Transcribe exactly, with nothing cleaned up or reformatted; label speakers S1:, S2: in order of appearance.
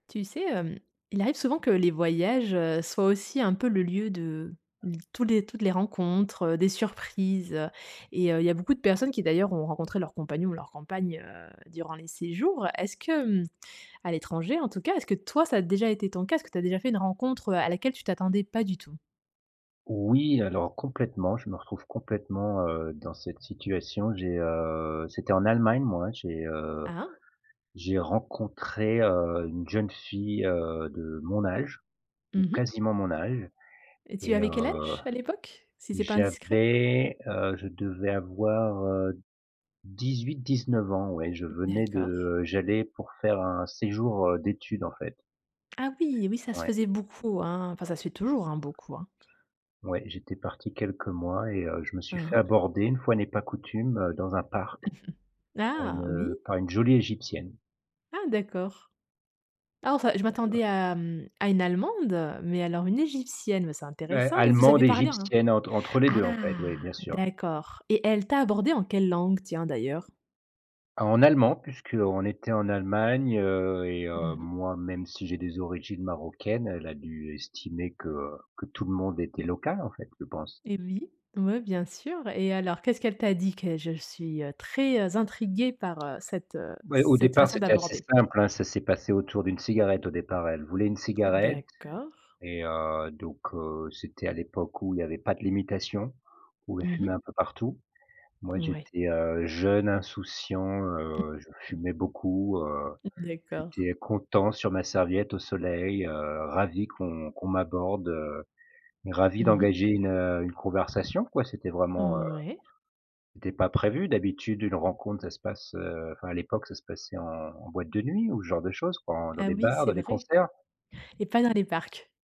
S1: Tu sais, hem, il arrive souvent que les voyages, heu, soient aussi un peu le lieu de tous les toutes les rencontres, heu, des surprises, heu, et il y a beaucoup de personnes qui d'ailleurs ont rencontré leur compagnon ou leur compagne durant les séjours. Heu, est-ce que hem, à l'étranger en tout cas. Est-ce que toi ça a déjà été ton cas? Est-ce que tu as déjà fait une rencontre, heu, à laquelle tu t'attendais pas du tout?
S2: Oui, alors complètement, je me retrouve complètement, heu, dans cette situation. J'ai heu, c'était en Allemagne moi, j'ai, heu,
S1: Ah!
S2: j'ai rencontré, heu, une jeune fille, heu, de mon âge,
S1: Mmh
S2: ou
S1: mh.
S2: quasiment mon âge
S1: Et tu
S2: et
S1: avais quel
S2: heu,
S1: âge à l'époque, si c'est pas indiscret?
S2: j'avais heu, je devais avoir, heu, dix-huit-dix-neuf ans, ouais, je venais
S1: D'accord.
S2: de j'allais pour faire un séjour, heu, d'études en fait.
S1: Ah oui, oui, ça se
S2: Ouais.
S1: faisait beaucoup, hein. Enfin, ça se fait toujours, hein, beaucoup hein.
S2: Ouais, j'étais parti quelques mois et heu, je me suis
S1: Hein,
S2: fait
S1: hein.
S2: aborder une fois n'est pas coutume, heu, dans un parc,
S1: Ah!
S2: heu,
S1: Oui.
S2: par une une jolie égyptienne.
S1: Ah d'accord. Ah enfin, je m'attendais à, mmh, à une allemande, mais alors une égyptienne, bah, c'est
S2: Beh,
S1: intéressant et vous
S2: allemande
S1: avez parlé un
S2: égyptienne entre entre les
S1: ah
S2: deux en fait, oui, bien sûr.
S1: d'accord. Et elle t'a abordé en quelle langue, tiens d'ailleurs?
S2: En allemand puisqu'on était en Allemagne, heu et
S1: Mmh
S2: heu,
S1: mh.
S2: moi même si j'ai des origines marocaines, elle a dû estimer que, heu, que tout le monde était local en fait, je pense.
S1: Et oui. Ouais bien sûr, et alors qu'est-ce qu'elle t'a dit que je suis, heu, très, heu, intriguée, heu, par, heu, cette, heu,
S2: Beh au
S1: cette
S2: départ
S1: façon
S2: c'était assez
S1: d'aborder?
S2: simple, hein, ça s'est passé autour d'une cigarette au départ elle voulait une cigarette
S1: D'accord.
S2: et heu, donc heu, c'était à l'époque où il y avait pas de limitation, où on
S1: Mmh mh.
S2: fumait un peu partout. Moi
S1: Ouais.
S2: j'étais, heu, jeune insouciant, heu, je
S1: Mmh.
S2: fumais beaucoup, heu,
S1: d'accord.
S2: j'étais content sur ma serviette au soleil, heu, ravi qu'on qu'on m'aborde, heu, ravi
S1: Mmh mh.
S2: d'engager une, heu, une conversation quoi, c'était vraiment, heu,
S1: Mmh ouais.
S2: c'était pas prévu. D'habitude une rencontre ça se passe heu, enfin à l'époque ça se passait en en boîte de nuit ou ce genre de choses quoi, dans
S1: Ah
S2: des
S1: oui,
S2: bars,
S1: c'est
S2: dans des
S1: vrai?
S2: concerts.
S1: Et pas dans les parcs.